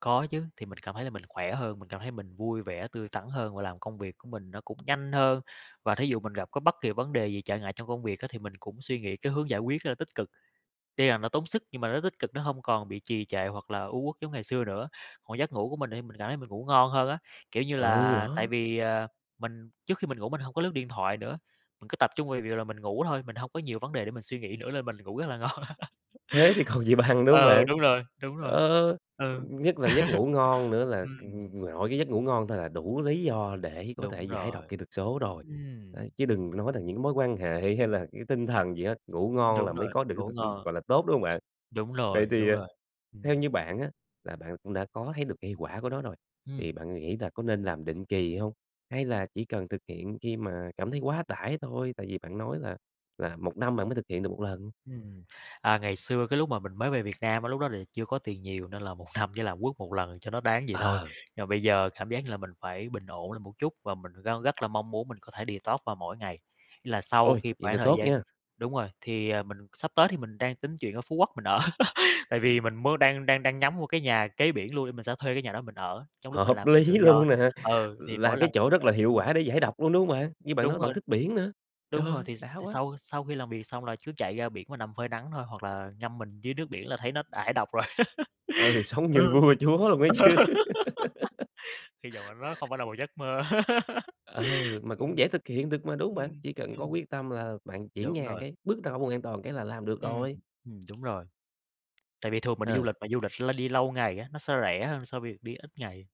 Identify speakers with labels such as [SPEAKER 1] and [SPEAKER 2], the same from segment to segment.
[SPEAKER 1] Có chứ. Thì mình cảm thấy là mình khỏe hơn, mình cảm thấy mình vui vẻ, tươi tắn hơn và làm công việc của mình nó cũng nhanh hơn, và thí dụ mình gặp có bất kỳ vấn đề gì trở ngại trong công việc á thì mình cũng suy nghĩ cái hướng giải quyết, ờ, tích cực. Tuy là nó tốn sức nhưng mà nó tích cực, nó hông còn bị trì trệ hoặc là u uất giống ngày xưa nữa. Còn giấc ngủ của mình thì mình cảm thấy mình ngủ ngon hơn á, kiểu như
[SPEAKER 2] Ừ,
[SPEAKER 1] là, tại
[SPEAKER 2] đó.
[SPEAKER 1] vì, à, mình trước khi mình ngủ mình hông có lướt điện thoại nữa, mình cứ tập trung về việc là mình ngủ thôi, mình hông có nhiều vấn đề để mình suy nghĩ nữa lên mình ngủ rất là ngon.
[SPEAKER 2] Thế thì còn gì bằng, đúng hông
[SPEAKER 1] Ờ,
[SPEAKER 2] bạn?
[SPEAKER 1] đúng rồi, đúng rồi.
[SPEAKER 2] Ờ,
[SPEAKER 1] Ừ.
[SPEAKER 2] nhất là cái giấc ngủ ngon nữa là c
[SPEAKER 1] Ừm.
[SPEAKER 2] nội cái giấc ngủ ngon thôi là đủ lý do để có thể
[SPEAKER 1] Đúng
[SPEAKER 2] giải độc
[SPEAKER 1] rồi.
[SPEAKER 2] kỹ thuật số rồi, đấy,
[SPEAKER 1] Ừm.
[SPEAKER 2] chứ đừng nói là những cái mối quan hệ hay là cái tinh thần gì hết, ngủ ngon là
[SPEAKER 1] Đúng
[SPEAKER 2] mới
[SPEAKER 1] rồi.
[SPEAKER 2] có được cái
[SPEAKER 1] Ngủ
[SPEAKER 2] t ưm,
[SPEAKER 1] ngon.
[SPEAKER 2] gọi là, tốt, đúng hông bạn?
[SPEAKER 1] Đúng
[SPEAKER 2] Vậy
[SPEAKER 1] rồi,
[SPEAKER 2] thì,
[SPEAKER 1] đúng
[SPEAKER 2] ờ,
[SPEAKER 1] rồi.
[SPEAKER 2] theo
[SPEAKER 1] Ừm.
[SPEAKER 2] như bạn á là bạn cũng đã có thấy được cây quả của nó rồi, thì
[SPEAKER 1] Ừm.
[SPEAKER 2] bạn nghĩ là có nên làm định kỳ hông hay là chỉ cần thực hiện khi mà cảm thấy quá tải thôi? Tại vì bạn nói là là 1 năm bạn mới thực hiện được 1 lần.
[SPEAKER 1] Ừm. À, ngày xưa cái lúc mà mình mới về Việt Nam á lúc đó là chưa có tiền nhiều, nên là 1 năm chỉ là quất 1 lần cho nó đáng vậy thôi.
[SPEAKER 2] Ờ.
[SPEAKER 1] Nhưng mà bây giờ cảm giác như là mình phải bình ổn lại một chút, và mình gan rất là mong muốn mình có thể detox vào mỗi ngày. Là sau
[SPEAKER 2] Ôi!
[SPEAKER 1] khi
[SPEAKER 2] Vậy thì
[SPEAKER 1] khoảng thời
[SPEAKER 2] tốt
[SPEAKER 1] gian
[SPEAKER 2] nha!
[SPEAKER 1] đúng rồi, thì, ờ, mình sắp tới thì mình đang tính chuyển ra Phú Quốc mình ở, tại vì mình mới đang đang đang nhắm vô cái nhà kế biển luôn nên mình sẽ thuê cái nhà đó mình ở trong lúc mình
[SPEAKER 2] Hợp
[SPEAKER 1] làm việc
[SPEAKER 2] lý
[SPEAKER 1] tự do.
[SPEAKER 2] luôn nè!
[SPEAKER 1] Ừ, thì
[SPEAKER 2] Là
[SPEAKER 1] mỗi
[SPEAKER 2] cái
[SPEAKER 1] lần
[SPEAKER 2] chỗ rất
[SPEAKER 1] á
[SPEAKER 2] là hiệu
[SPEAKER 1] ừm.
[SPEAKER 2] quả để giải độc luôn, đúng hông bạn? Như bạn
[SPEAKER 1] Đúng
[SPEAKER 2] nói bạn
[SPEAKER 1] rồi.
[SPEAKER 2] thích biển nữa. Trời
[SPEAKER 1] Đúng rồi,
[SPEAKER 2] ơi!
[SPEAKER 1] thì
[SPEAKER 2] Đã
[SPEAKER 1] thì
[SPEAKER 2] quá!
[SPEAKER 1] sau sau khi làm việc xong là cứ chạy ra biển và nằm phơi nắng thôi hoặc là ngâm mình dưới nước biển là thấy nó thải độc rồi.
[SPEAKER 2] Ừ, sống
[SPEAKER 1] Ừm,
[SPEAKER 2] như vua chúa luôn ấy chứ.
[SPEAKER 1] hy vọng là nó không phải là một giấc mơ.
[SPEAKER 2] Ờ, mà cũng
[SPEAKER 1] Ừm.
[SPEAKER 2] dễ thực hiện được mà, đúng hông bạn?
[SPEAKER 1] Ừm.
[SPEAKER 2] Chỉ cần có
[SPEAKER 1] Ừm.
[SPEAKER 2] quyết tâm là bạn chuyển
[SPEAKER 1] Đúng
[SPEAKER 2] nhà
[SPEAKER 1] rồi.
[SPEAKER 2] cái, bước ra khỏi vùng an toàn cái là làm được
[SPEAKER 1] Ừm,
[SPEAKER 2] rồi.
[SPEAKER 1] ừm, đúng rồi. Tại vì thường mình đi du
[SPEAKER 2] Ờ.
[SPEAKER 1] lịch mà du lịch đi lâu ngày á nó sẽ rẻ hơn so việc đi ít ngày.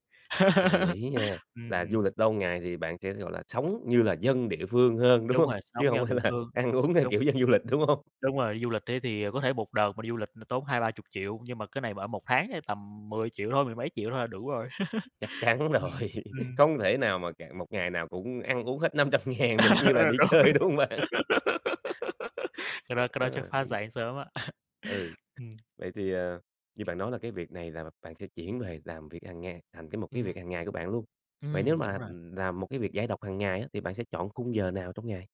[SPEAKER 2] Đồng ý nha.
[SPEAKER 1] Ừm,
[SPEAKER 2] Là
[SPEAKER 1] ừm.
[SPEAKER 2] du lịch lâu ngày thì bạn sẽ, gọi là, sống như là dân địa phương hơn, đúng
[SPEAKER 1] Đúng
[SPEAKER 2] hông?
[SPEAKER 1] rồi, sống
[SPEAKER 2] Chứ
[SPEAKER 1] với
[SPEAKER 2] hông
[SPEAKER 1] dân
[SPEAKER 2] phải
[SPEAKER 1] địa
[SPEAKER 2] là
[SPEAKER 1] phương.
[SPEAKER 2] ăn uống theo
[SPEAKER 1] Đúng.
[SPEAKER 2] kiểu dân du lịch, đúng hông?
[SPEAKER 1] Đúng rồi, đi du lịch thế thì có thể một đợt mà đi du lịch là tốn 2-30.000.000 nhưng mà cái này ở một tháng ê tầm 10.000.000 thôi, mười mấy triệu thôi là đủ rồi.
[SPEAKER 2] Chắc chắn
[SPEAKER 1] Ừm,
[SPEAKER 2] rồi.
[SPEAKER 1] ừm.
[SPEAKER 2] Không thể nào mà cà một ngày nào cũng ăn uống hết 500.000 được
[SPEAKER 1] Ờ,
[SPEAKER 2] như là đi
[SPEAKER 1] rồi.
[SPEAKER 2] chơi, đúng hông bạn?
[SPEAKER 1] Cái đó cái đó chắc
[SPEAKER 2] Ờ,
[SPEAKER 1] phá
[SPEAKER 2] mình
[SPEAKER 1] sản sớm á.
[SPEAKER 2] Ừ.
[SPEAKER 1] Ừm.
[SPEAKER 2] Vậy thì, à, như bạn nói là cái việc này là bạn sẽ chuyển về làm việc hằng ngày thành cái một cái
[SPEAKER 1] Ừm.
[SPEAKER 2] việc hằng ngày của bạn luôn. Vậy
[SPEAKER 1] Ừm,
[SPEAKER 2] nếu
[SPEAKER 1] đúng
[SPEAKER 2] mà
[SPEAKER 1] rồi.
[SPEAKER 2] làm một cái việc giải độc hằng ngày á thì bạn sẽ chọn khung giờ nào trong ngày?